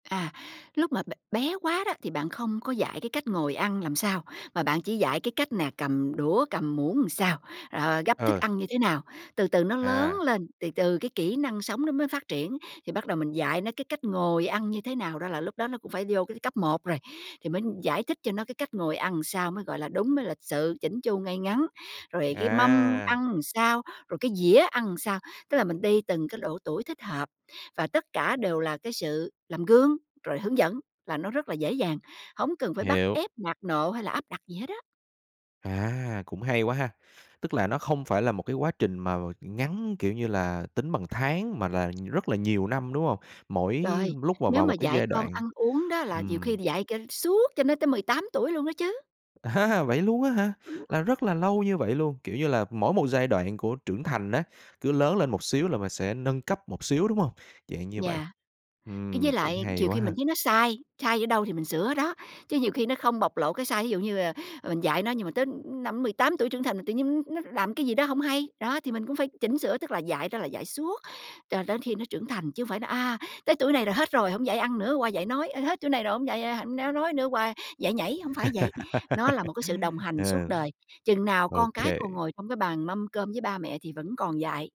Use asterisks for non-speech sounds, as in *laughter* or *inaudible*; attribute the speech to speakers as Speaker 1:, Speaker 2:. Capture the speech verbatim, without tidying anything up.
Speaker 1: À, lúc mà b bé quá đó thì bạn không có dạy cái cách ngồi ăn làm sao, mà bạn chỉ dạy cái cách nè cầm đũa, cầm muỗng sao, rồi gắp thức
Speaker 2: Ừ.
Speaker 1: ăn như thế nào. Từ từ nó lớn
Speaker 2: À.
Speaker 1: lên, từ từ cái kỹ năng sống nó mới phát triển, thì bắt đầu mình dạy nó cái cách ngồi ăn như thế nào đó là lúc đó nó cũng phải vô cái cấp một rồi. Thì mới giải thích cho nó cái cách ngồi ăn sao mới gọi là đúng, mới lịch sự, chỉn chu, ngay ngắn. Rồi cái mâm
Speaker 2: À!
Speaker 1: ăn sao, rồi cái dĩa ăn sao, tức là mình đi từng cái độ tuổi thích hợp, và tất cả đều là cái sự làm gương, rồi hướng dẫn là nó rất là dễ dàng, hổng cần phải bắt
Speaker 2: Hiểu.
Speaker 1: ép, nạt nộ hay là áp đặt gì hết á.
Speaker 2: À, cũng hay quá ha, tức là nó không phải là một cái quá trình mà ngắn, kiểu như là, tính bằng tháng mà là rất là nhiều năm, đúng hông? Mỗi
Speaker 1: Rồi,
Speaker 2: lúc mà
Speaker 1: nếu
Speaker 2: vào
Speaker 1: mà
Speaker 2: một cái
Speaker 1: dạy
Speaker 2: giai
Speaker 1: con
Speaker 2: đoạn,
Speaker 1: ăn uống đó là nhiều khi
Speaker 2: ừm.
Speaker 1: là dạy cho suốt cho nó tới mười tám tuổi luôn đó chứ.
Speaker 2: À ha, vậy luôn á hả?
Speaker 1: Ừm.
Speaker 2: Là rất là lâu như vậy luôn, kiểu như là, mỗi một giai đoạn của trưởng thành á, cứ lớn lên một xíu là mình sẽ nâng cấp một xíu, đúng hông? Dạng như vậy,
Speaker 1: Yeah, cái với
Speaker 2: ừm, cũng
Speaker 1: lại
Speaker 2: hay
Speaker 1: chiều
Speaker 2: quá
Speaker 1: khi
Speaker 2: ha.
Speaker 1: mình thấy nó sai, sai ở đâu thì mình sửa ở đó, chứ nhiều khi nó không bộc lộ cái sai. Ví dụ như, ờ, ờ, mình dạy nó nhưng mà tới, ư, năm mười tám tuổi trưởng thành tự nhiên n nó làm cái gì đó hông hay, đó, thì mình cũng phải chỉnh sửa, tức là dạy đó là dạy suốt, cho đến khi nó trưởng thành. Chứ hông phải nói, à, tới tuổi này là hết rồi, hổng dạy ăn nữa, qua dạy nói, ơ, hết tuổi này rồi hổng dạy, ơ, hạnh néo nói nữa qua dạy nhảy, hông phải vậy. Nó là một cái sự đồng
Speaker 2: *laughs*
Speaker 1: hành suốt
Speaker 2: Ờ.
Speaker 1: đời, chừng nào con cái còn
Speaker 2: OK.
Speaker 1: ngồi trong cái bàn mâm cơm với ba mẹ thì vẫn còn dạy.